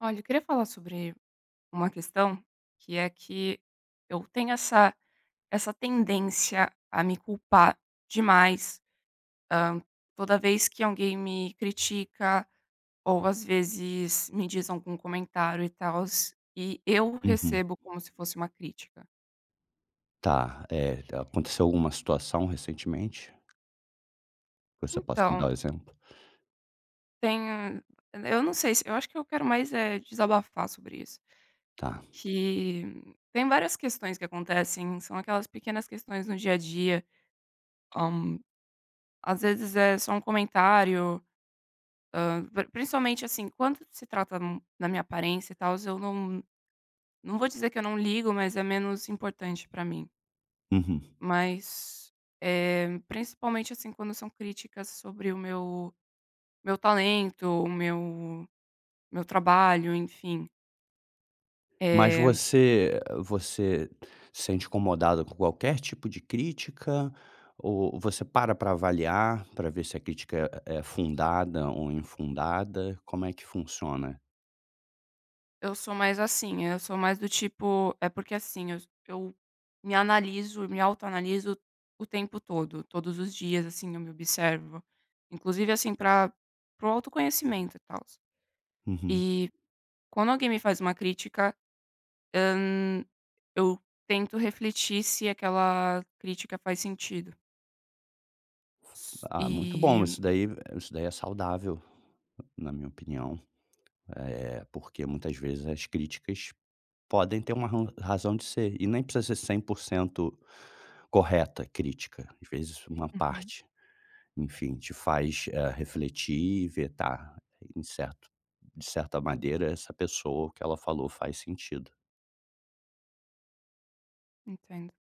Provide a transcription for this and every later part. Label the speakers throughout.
Speaker 1: Olha, eu queria falar sobre uma questão que é que eu tenho essa essa tendência a me culpar demais, hã, toda vez que alguém me critica, ou às vezes me diz algum comentário, e tals, e eu
Speaker 2: Uhum.
Speaker 1: recebo como se fosse uma crítica.
Speaker 2: Tá, eh, t aconteceu alguma situação recentemente? Você possa me
Speaker 1: Então
Speaker 2: dar um exemplo?
Speaker 1: tem eu não sei se eu acho que eu quero mais, eh, desabafar sobre isso.
Speaker 2: Tá.
Speaker 1: Que têm várias questões que acontecem. São aquelas pequenas questões no dia-a-dia. Hã, às vezes é só um comentário, hã, pr principalmente assim quando se trata n na minha aparência e tals, eu não não vou dizer que eu não ligo, mas é menos importante pra mim.
Speaker 2: Uhum.
Speaker 1: Mas, eh, principalmente, assim, quando são críticas sobre o meu meu talento, o meu meu trabalho, enfim.
Speaker 2: Mas
Speaker 1: Eh
Speaker 2: você você sente incomodada com qualquer tipo de crítica? O Ou você para pra avaliar, pra ver se a crítica é é fundada ou infundada? Como é que funciona?
Speaker 1: Eu sou mais assim eu sou mais do tipo eh, porque assim eu eu me analiso me autoanaliso o tempo todo. Todos os dias, assim, eu me observo. Inclusive, assim, pra pro autoconhecimento e tals.
Speaker 2: Uhum.
Speaker 1: E quando alguém me faz uma crítica, hã, eu tento refletir se aquela crítica faz sentido.
Speaker 2: Ah, muito bom,
Speaker 1: E
Speaker 2: isso daí isso daí é saudável, na minha opinião. Eh, porque muitas vezes as críticas podem ter uma ron razão de ser e nem precisa ser 100% correta, a crítica. Às vezes uma
Speaker 1: Uhum.
Speaker 2: parte, enfim, te faz, eh, refletir e ver tá em certo de certa maneira essa pessoa. O que ela falou faz sentido.
Speaker 1: Entendo.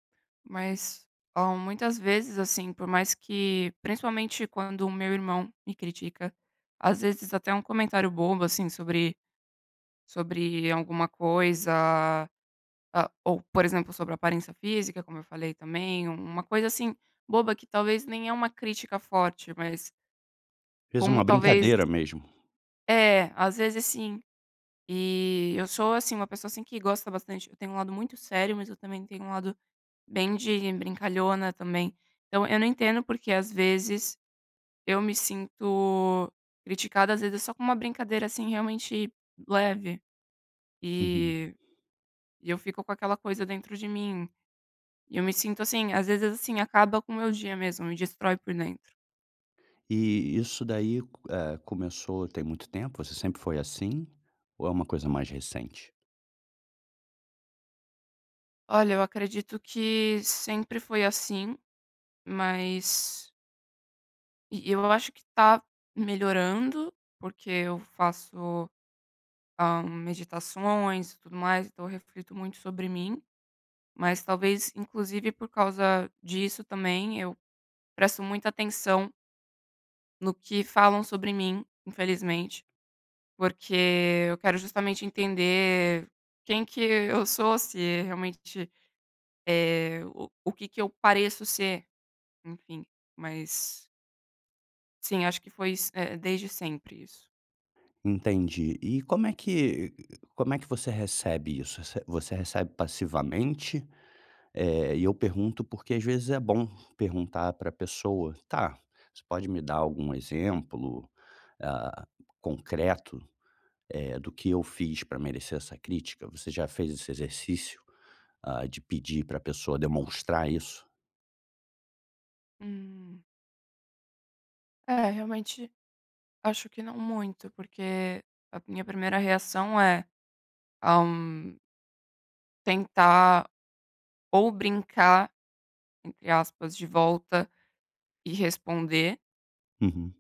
Speaker 1: Mas, oh, muitas vezes, assim, por mais que principalmente, quando o meu irmão me critica. Às vezes até um comentário bobo, assim, sobre sobre alguma coisa a ou, por exemplo, sobre aparência física como eu falei também, um uma coisa assim, boba que talvez nem é uma crítica forte, mas
Speaker 2: Fez
Speaker 1: como
Speaker 2: uma
Speaker 1: talvez
Speaker 2: brincadeira, mesmo.
Speaker 1: É, às vezes sim. E eu sou, assim, uma pessoa, assim, que gosta bastante eu tenho um lado muito sério, mas eu também tenho um lado bem de brincalhona também. Então, eu não entendo por que, às vezes, eu me sinto criticada, às vezes, só com uma brincadeira, assim, realmente leve.
Speaker 2: Uhum.
Speaker 1: E e eu fico com aquela coisa dentro de mim. Eu me sinto assim. Às vezes, assim, acaba com o meu dia mesmo, me destrói por dentro.
Speaker 2: E e isso daí, eh, começou tem muito tempo? Você sempre foi assim? Ou é uma coisa mais recente?
Speaker 1: Olha, eu acredito que sempre foi assim, mas E e eu acho que tá melhorando, porque eu faço, hã, meditações e tudo mais. Então eu reflito muito sobre mim, mas talvez, inclusive por causa disso também, eu presto muita atenção no que falam sobre mim, infelizmente. Porque eu quero justamente entender quem que eu sou, se realmente eh, o que que eu pareço ser, enfim, mas Sim, acho que foi iss eh, desde sempre isso.
Speaker 2: Entendi. E como é que como é que você recebe isso? Rece você recebe passivamente? Eh, e eu pergunto, porque, às vezes, é bom perguntar para a pessoa: "Tá, você pode me dar algum exemplo, ah, concreto, eh, do que eu fiz pra merecer essa crítica?". Você já fez esse exercício, ah, de pedir para a pessoa demonstrar isso?
Speaker 1: Hum. É, realmente, acho que não muito. Porque a minha primeira reação é, ah hum tentar ou brincar, entre aspas, de volta, e responder.
Speaker 2: Uhum.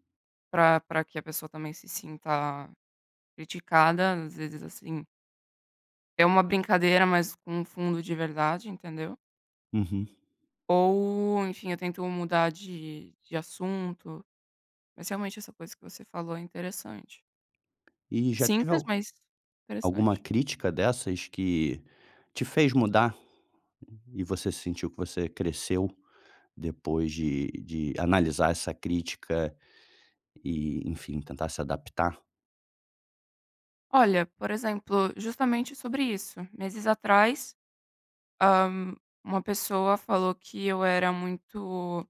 Speaker 1: Para para que a pessoa também se sinta criticada, às vezes, assim é uma brincadeira, mas com um fundo de verdade, entendeu?
Speaker 2: Uhum.
Speaker 1: Ou, enfim, eu tento mudar de de assunto, mas realmente essa coisa que você falou é interessante.
Speaker 2: E já teve
Speaker 1: Simples,
Speaker 2: al
Speaker 1: mas,
Speaker 2: alguma
Speaker 1: interessante.
Speaker 2: crítica dessas que te fez mudar? E você sentiu que você cresceu depois de de analisar essa crítica e, enfim, tentar se adaptar?
Speaker 1: Olha, por exemplo, justamente sobre isso. Meses atrás, hã, uma pessoa falou que eu era muito,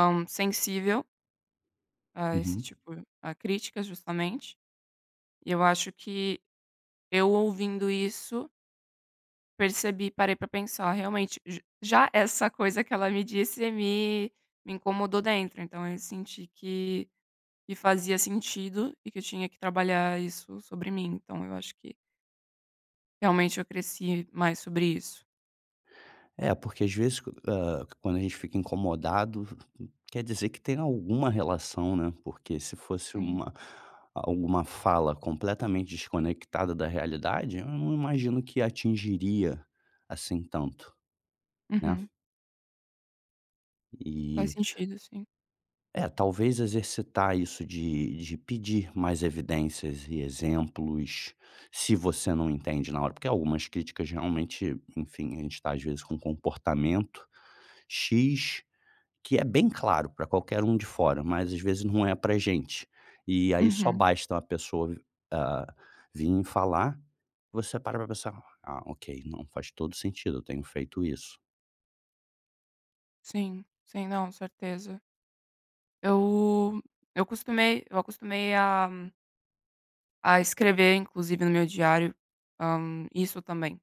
Speaker 1: hã, sensível a esse
Speaker 2: Uhum.
Speaker 1: tipo a crítica justamente. E eu acho que eu ouvindo isso percebi, parei pra pensar: "realmente". J Já essa coisa que ela me disse me me incomodou dentro, então, eu senti que que fazia sentido, e que eu tinha que trabalhar isso sobre mim, então, eu acho que realmente eu cresci mais sobre isso.
Speaker 2: É, porque às vezes quan hã, quando a gente fica incomodado, quer dizer que tem alguma relação, né, porque se fosse
Speaker 1: Sim.
Speaker 2: uma, ah, uma fala completamente desconectada da realidade, eu não imagino que atingiria assim tanto, né?
Speaker 1: Uhum. Faz
Speaker 2: E
Speaker 1: sentido, sim.
Speaker 2: É, talvez exercitar isso de de pedir mais evidências e exemplos, se você não entende na hora. Porque algumas críticas realmente, enfim, a gente tá às vezes com um comportamento x, que é bem claro pra qualquer um de fora, mas às vezes não é pra gente. E aí só
Speaker 1: Uhum.
Speaker 2: basta uma pessoa vi ah, vim falar e você para pra pensar: "Ah, ok, não, faz todo o sentido, eu tenho feito isso".
Speaker 1: Sim, sim. Não, certeza. Eu eu acostumei eu acostumei a a escrever, inclusive no meu diário, hã, isso também.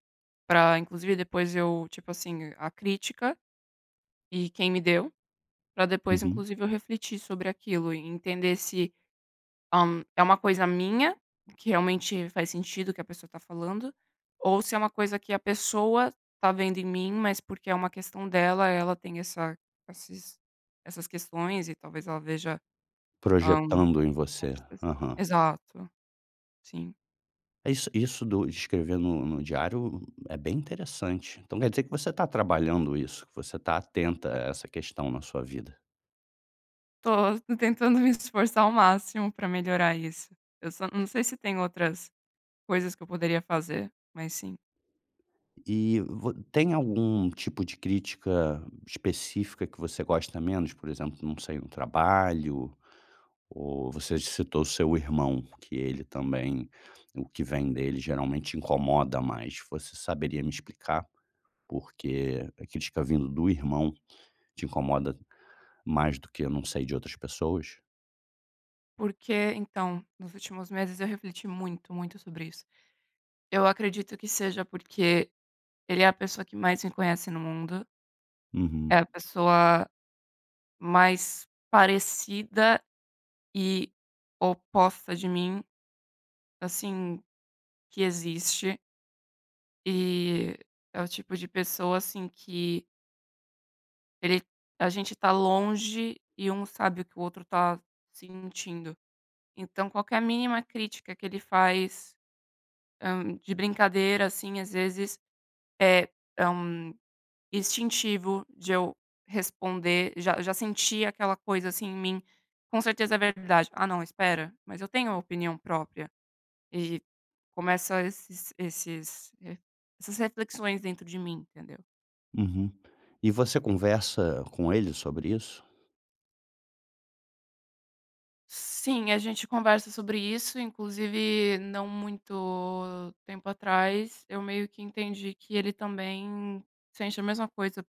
Speaker 1: Pra inclusive depois eu tipo assim, a crítica e quem me deu. Pra depois
Speaker 2: Uhum.
Speaker 1: inclusive eu refletir sobre aquilo e entender se, hã, é uma coisa minha, que realmente faz sentido que a pessoa tá falando, ou se é uma coisa que a pessoa tá vendo em mim, mas porque é uma questão dela, ela tem essa esses essas questões e talvez ela veja, hã com
Speaker 2: Projetando em você.
Speaker 1: certeza.
Speaker 2: Aham.
Speaker 1: Exato, sim.
Speaker 2: Isso isso do escrever no no diário é bem interessante. Então, quer dizer que você tá trabalhando isso? Que você tá atenta a essa questão na sua vida?
Speaker 1: Tô, tô tentando me esforçar ao máximo pra melhorar isso. Eu só não sei se tem outras coisas que eu poderia fazer, mas sim.
Speaker 2: E vo tem algum tipo de crítica específica que você gosta menos, por exemplo, não sei no trabalho, ou você citou o seu irmão que ele também o que vem dele geralmente te incomoda mais. Você saberia me explicar por que a crítica vindo do irmão te incomoda mais do que, eu não sei, de outras pessoas?
Speaker 1: Porque então, nos últimos meses eu refleti muito, muito, sobre isso. Eu acredito que seja porque ele é a pessoa que mais me conhece no mundo. É
Speaker 2: Uhum.
Speaker 1: a pessoa mais parecida e oposta de mim, assim, que existe. E é o tipo de pessoa assim que ele a gente tá longe e um sabe o que o outro tá sentindo. Então, qualquer mínima crítica que ele faz, hã, de brincadeira, assim, às vezes, é é, hum, instintivo de eu responder Já já senti aquela coisa assim em mim, "com certeza é verdade, ah não, espera, mas eu tenho a opinião própria." E começa esses esses eh, essas reflexões dentro de mim, entendeu?
Speaker 2: Uhum. E você conversa com ele sobre isso?
Speaker 1: Sim, a gente conversa sobre isso. Inclusive, não muito tempo atrás, eu meio que entendi que ele também sente a mesma coisa,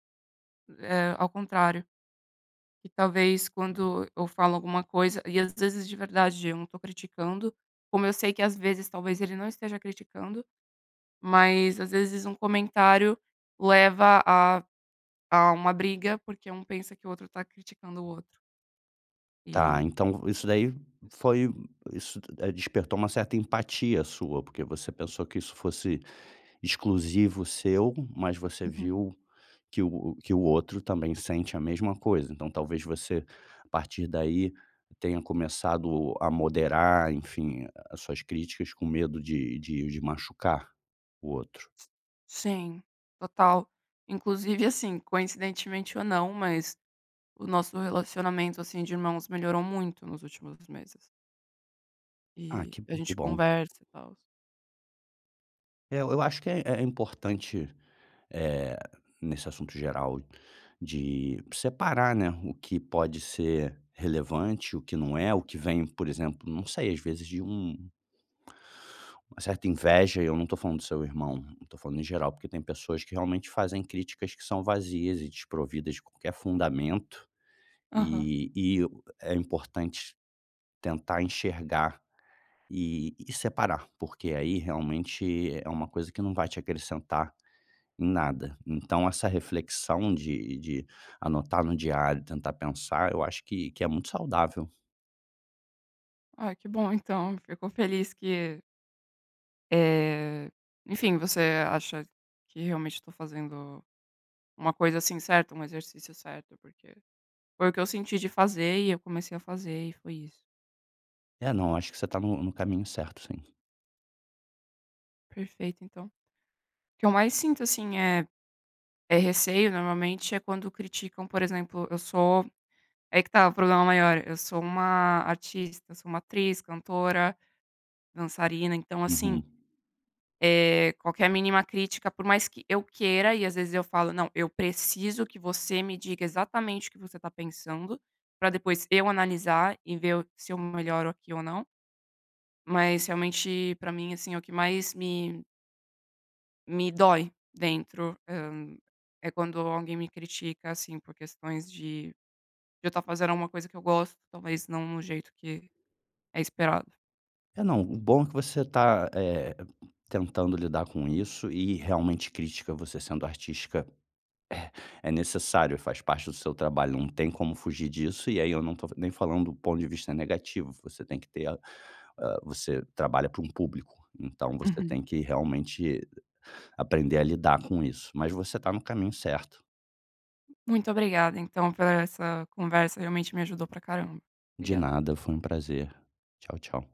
Speaker 1: eh, ao contrário. E talvez quando eu falo alguma coisa e às vezes, de verdade, eu não tô criticando. Como eu sei que às vezes, talvez, ele não esteja criticando. Mas, às vezes, um comentário leva a a uma briga, porque um pensa que o outro tá criticando o outro.
Speaker 2: Tá.
Speaker 1: E
Speaker 2: Então, isso daí foi isso tu despertou uma certa empatia sua, porque você pensou que isso fosse exclusivo seu, mas você
Speaker 1: Uhum.
Speaker 2: viu que o que o outro também sente a mesma coisa. Então talvez você, a partir daí, tenha começado a moderar, enfim, as suas críticas com medo de de de machucar o outro?
Speaker 1: Sim, total. Inclusive, assim, coincidentemente, ou não, mas o nosso relacionamento, assim, de irmãos melhorou muito nos últimos meses.
Speaker 2: Ah,
Speaker 1: E
Speaker 2: que
Speaker 1: a
Speaker 2: hum, que
Speaker 1: gente
Speaker 2: bom.
Speaker 1: conversa e tal.
Speaker 2: Eh, eu acho que é é importante, eh, nesse assunto geral, de separar, né, o que pode ser relevante, o que não é. O que vem, por exemplo, não sei às vezes de um uma certa inveja, e eu não tô falando do seu irmão, eu tô falando em geral. Porque tem pessoas que realmente fazem críticas que são vazias e desprovidas de qualquer fundamento,
Speaker 1: Aham.
Speaker 2: e e o é importante tentar enxergar e e separar, porque aí, realmente é uma coisa que não vai te acrescentar em nada. Então, essa reflexão de de anotar no diário e tentar pensar, eu acho que que é muito saudável.
Speaker 1: Ah, que bom então, fico feliz que Eh, enfim, você acha que realmente eu tô fazendo uma coisa, assim, certa, um exercício certo? Porque foi o que eu senti de fazer e eu comecei a fazer e foi isso.
Speaker 2: É, não, acho que você tá no no caminho certo, sim.
Speaker 1: Perfeito então. O que eu mais sinto, assim, é é receio, normalmente é quando criticam, por exemplo, eu sou ai que tá o problema maior: eu sou uma artista, sou uma atriz, cantora, dançarina, então assim
Speaker 2: Uhum.
Speaker 1: Eh, qualquer mínima crítica, por mais que eu queira, e às vezes eu falo: "Não, eu preciso que você me diga exatamente o que você tá pensando, pra depois eu analisar e ver o se eu melhoro aqui ou não". Mas realmente pra mim, assim, é o que mais me me dói dentro, hã, é quando alguém me critica, assim, por questões de de eu estar fazendo alguma coisa que eu gosto, talvez não no jeito que é esperado.
Speaker 2: É, não, o bom é que você tá, eh, tentando lidar com isso e realmente crítica, você sendo artística, eh, é necessário, faz parte do seu trabalho, não tem como fugir disso. E aí, eu não tô nem falando do ponto de vista negativo, você tem que ter eh, você trabalha para um público, então você
Speaker 1: Uhum.
Speaker 2: tem que realmente aprender a lidar com isso, mas você tá no caminho certo.
Speaker 1: Muito obrigada, então, por essa conversa, realmente me ajudou pra caramba,
Speaker 2: De
Speaker 1: obrigada.
Speaker 2: nada, foi um prazer. Tchau tchau.